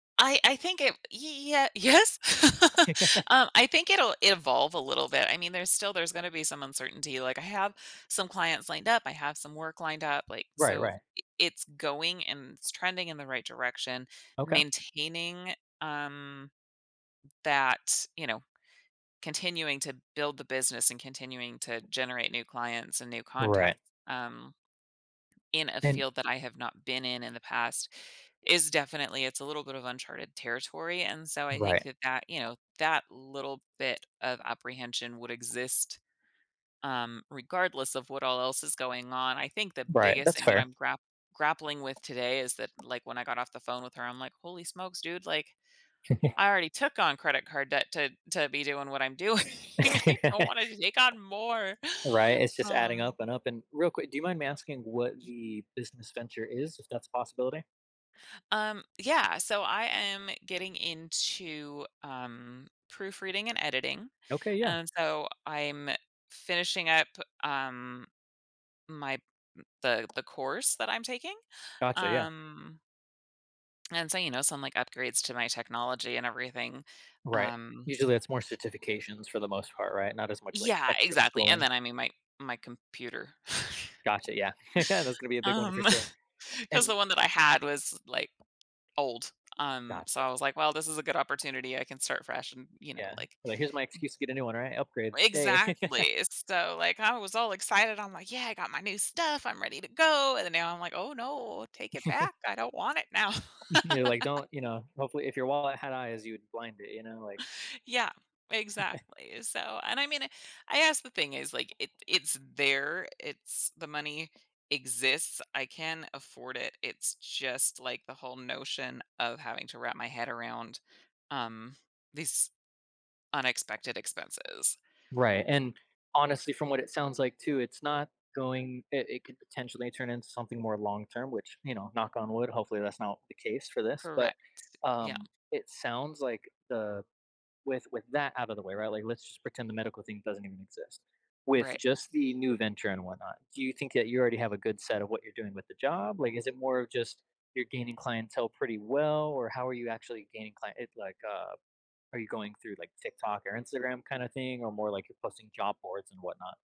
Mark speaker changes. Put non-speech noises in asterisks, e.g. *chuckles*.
Speaker 1: I I think it ye yeah yes *chuckles*
Speaker 2: *chuckles*
Speaker 1: um, I think it'll evolve a little bit, I mean, there's still there's gonna be some uncertainty, like, I have some clients lined up, I have some work lined up, like,
Speaker 2: Right,
Speaker 1: so
Speaker 2: right.
Speaker 1: i it's going, and it's trending in the right direction,
Speaker 2: Okay.
Speaker 1: maintaining, um, that you know, continuing to build the business, and continuing to generate new clients and new
Speaker 2: Right.
Speaker 1: contacts, um in a
Speaker 2: And
Speaker 1: field that I have not been in in the past is definitely it's a little bit of uncharted territory, and, so, I think
Speaker 2: Right.
Speaker 1: that that you know, that little bit of apprehension would exist, um, regardless of what all else is going on. I think the
Speaker 2: Right,
Speaker 1: biggest
Speaker 2: that's
Speaker 1: thing that
Speaker 2: fair.
Speaker 1: I'm grapp grappling with today is that, like, when I got off the phone with her, I'm like, "Holy smokes, dude, like,
Speaker 2: *chuckles*
Speaker 1: I already took on credit card debt to to be doing what I'm doing, I don't
Speaker 2: *laughs*
Speaker 1: wanna t to take on more."
Speaker 2: Right,
Speaker 1: *inhales*
Speaker 2: it's just adding
Speaker 1: Um
Speaker 2: up and up and, real quick, do you mind me asking what
Speaker 1: Ye
Speaker 2: the business venture is, if that's a possibility?
Speaker 1: Um, yeah, so, I am getting into, um, proofreading and editing,
Speaker 2: Okay, yeah.
Speaker 1: and, so I'm finishing up, um, my m the the course that I'm taking,
Speaker 2: Gotcha, yeah.
Speaker 1: um And, so, you know, some, like, upgrades to my technology and everything,
Speaker 2: Right,
Speaker 1: um
Speaker 2: usually, it's more certifications for the most part, right, not as much, like,
Speaker 1: Yeah,
Speaker 2: extra
Speaker 1: exactly, and
Speaker 2: schooling?
Speaker 1: then, I mean, my my computer, *chuckles*
Speaker 2: Gotcha, yeah, *laughs* that's gonna be a big one, for
Speaker 1: um
Speaker 2: sure,
Speaker 1: 'cause
Speaker 2: and
Speaker 1: the one that I had was, like, old, um, so
Speaker 2: Gotcha.
Speaker 1: I was, like, "Well, this is a good opportunity, I can start fresh," and, you know,
Speaker 2: Yeah,
Speaker 1: like
Speaker 2: but here's my excuse to get a new one, right, upgrade, stay. *laughs*
Speaker 1: Exactly, so, like, I was all excited. I'm like, "Yeah, I got my new stuff, I'm ready to go," and then now I'm, like, "Oh no, take it
Speaker 2: *chuckles*
Speaker 1: back. I don't want it now."
Speaker 2: *chuckles* You're like,
Speaker 1: *laughs*
Speaker 2: don't you know, hopefully, if your wallet had eyes, you would blind it, you know, like
Speaker 1: Yeah,
Speaker 2: *chuckles*
Speaker 1: exactly, so and, I mean, I guess the thing is, like, it it's there, it's the money exists, I can afford it, it's just, like, the whole notion of having to wrap my head around, um, these unexpected expenses.
Speaker 2: Right, and, honestly, from what it sounds like, too, it's not going it it could potentially turn into something more long-term, which, you know, knock on wood, hopefully that's not the case for this, but,
Speaker 1: Correct, yeah.
Speaker 2: um, it sounds like, the with with that out of the way, right, like, let's just pretend the medical thing doesn't even exist. With
Speaker 1: Right.
Speaker 2: just the new venture and whatnot, do you think that you already have a good set of what you're doing with the job, like, is it more of just, you're gaining clientele pretty well, or how are you actually gaining client it's like, uh are you going through like, TikTok or Instagram, kind of thing, or more like, you're posting job boards and whatnot?